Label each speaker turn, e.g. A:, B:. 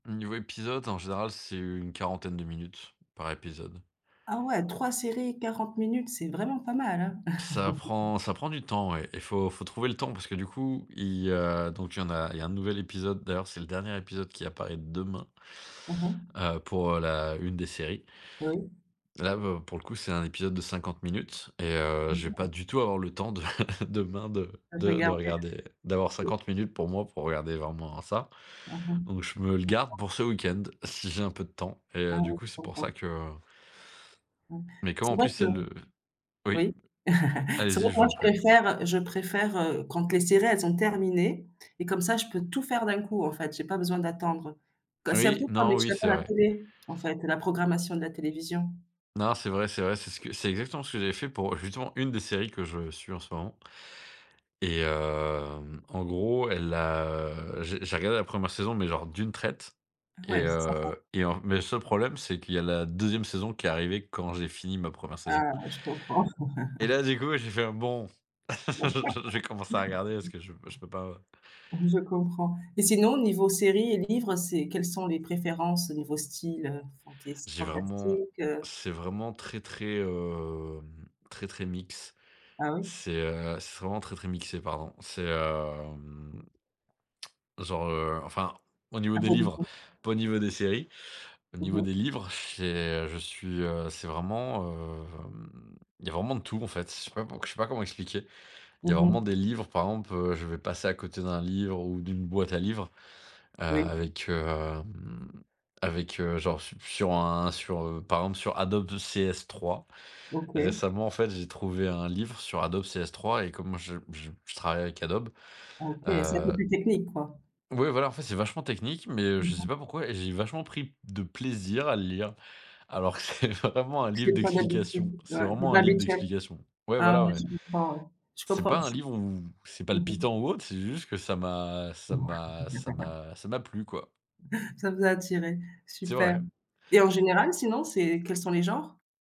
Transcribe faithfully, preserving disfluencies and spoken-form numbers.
A: Mmh niveau épisode en général, c'est une quarantaine de minutes par épisode.
B: Ah ouais, trois séries, quarante minutes, c'est vraiment pas mal hein.
A: Ça prend ça prend du temps ouais et faut faut trouver le temps parce que du coup il, heu, donc il y en a il y a un nouvel épisode, d'ailleurs c'est le dernier épisode qui apparaît demain
B: Mmh mh.
A: heu, pour, heu, la une des séries.
B: Oui.
A: Là bah, pour le coup c'est un épisode de cinquante minutes et
B: Je
A: heu, je vais pas
B: comprends.
A: du tout avoir le temps de demain de
B: Heu, j'ai
A: de
B: regardé.
A: de regarder, d'avoir
B: [unintelligible]
A: cinquante minutes pour moi pour regarder vraiment ça,
B: Mmh
A: donc je me le
B: mh.
A: garde
B: [unintelligible]
A: pour ce week-end si j'ai un peu de temps et
B: Ah
A: heu, du
B: oui, je
A: coup, c'est pour ça
B: comprends.
A: que, heu
B: Donc
A: mais comme
B: c'est
A: en
B: vrai
A: plus
B: que
A: c'est le oui.
B: oui. C'est vrai
A: Allez-y,
B: que
A: je vous
B: moi
A: en
B: je
A: prie.
B: préfère, heu, je préfère, heu, quand les séries elles sont terminées et comme ça je peux tout faire d'un coup, en fait, j'ai pas besoin d'attendre. [unintelligible] C'est un peu
A: Oui,
B: comme
A: non, oui
B: [unintelligible]
A: c'est
B: à la
A: vrai.
B: télé en fait, la programmation de la télévision.
A: Non, c'est vrai, c'est vrai, c'est ce que c'est exactement ce que j'avais fait pour, heu, justement une des séries que je suis en ce moment et hem, en gros elle a, heu, j'ai j'ai regardé la première saison mais genre d'une traite et
B: Ouais, c'est sympa.
A: heu et en mais le seul problème c'est qu'il y a la deuxième saison qui est arrivée quand j'ai fini ma première saison
B: Ah je comprends.
A: et là du coup j'ai fait un: «Bon, je vais commencer à regarder parce que je je peux pas, heu».
B: Je comprends et sinon au niveau séries et livres, heu, c'est, quelles sont les préférences au niveau style, heu, fantasy,
A: J'ai vraiment
B: fantastique, heu
A: c'est vraiment très, très, hem, très, très mix,
B: Ah oui?
A: c'est, heu, c'est vraiment très, très mixé pardon, c'est, hem, genre, heu, enfin au niveau des livres
B: [unintelligible]
A: pas au niveau des séries, au
B: Mmh
A: niveau
B: mh.
A: des livres, c'est, heu, je suis, heu, c'est vraiment, hem, il y a vraiment de tout en fait, je sais pas pou je sais pas comment expliquer. Il y a
B: Mmh
A: vraiment
B: mh.
A: des livres par exemple, heu, je vais passer à côté d'un livre ou d'une boîte à livres, heu,
B: Oui.
A: avec, hem, avec, heu, genre su sur un sur, heu, par exemple sur Adobe de CS3
B: OK.
A: récemment en fait, j'ai trouvé un livre sur Adobe CS3 et comme je je je travaille avec Adobe,
B: OK, c'est un peu
A: heu
B: plus technique quoi?
A: ouais voilà, en fait c'est vachement technique mais
B: Je
A: je sais
B: comprends.
A: pas pourquoi et j'ai vachement pris de plaisir à le lire, alors que c'est vraiment un livre
B: C'est pas
A: d'explications,
B: d'habitude,
A: c'est
B: ouais, c'est
A: vraiment un
B: pas
A: livre
B: habituel.
A: d'explications. Ouais,
B: Ah
A: voilà
B: ouais,
A: ouais.
B: je comprends ouais, je
A: C'est
B: comprends
A: pas un
B: aussi.
A: livre où c'est
B: Mmh mh.
A: palpitant ou autre, c'est juste que ça m'a ça m'a ça m'a ça m'a plu quoi
B: Ça vous a attiré?
A: C'est
B: Super
A: vrai.
B: et en général, sinon c'est quels sont les genres?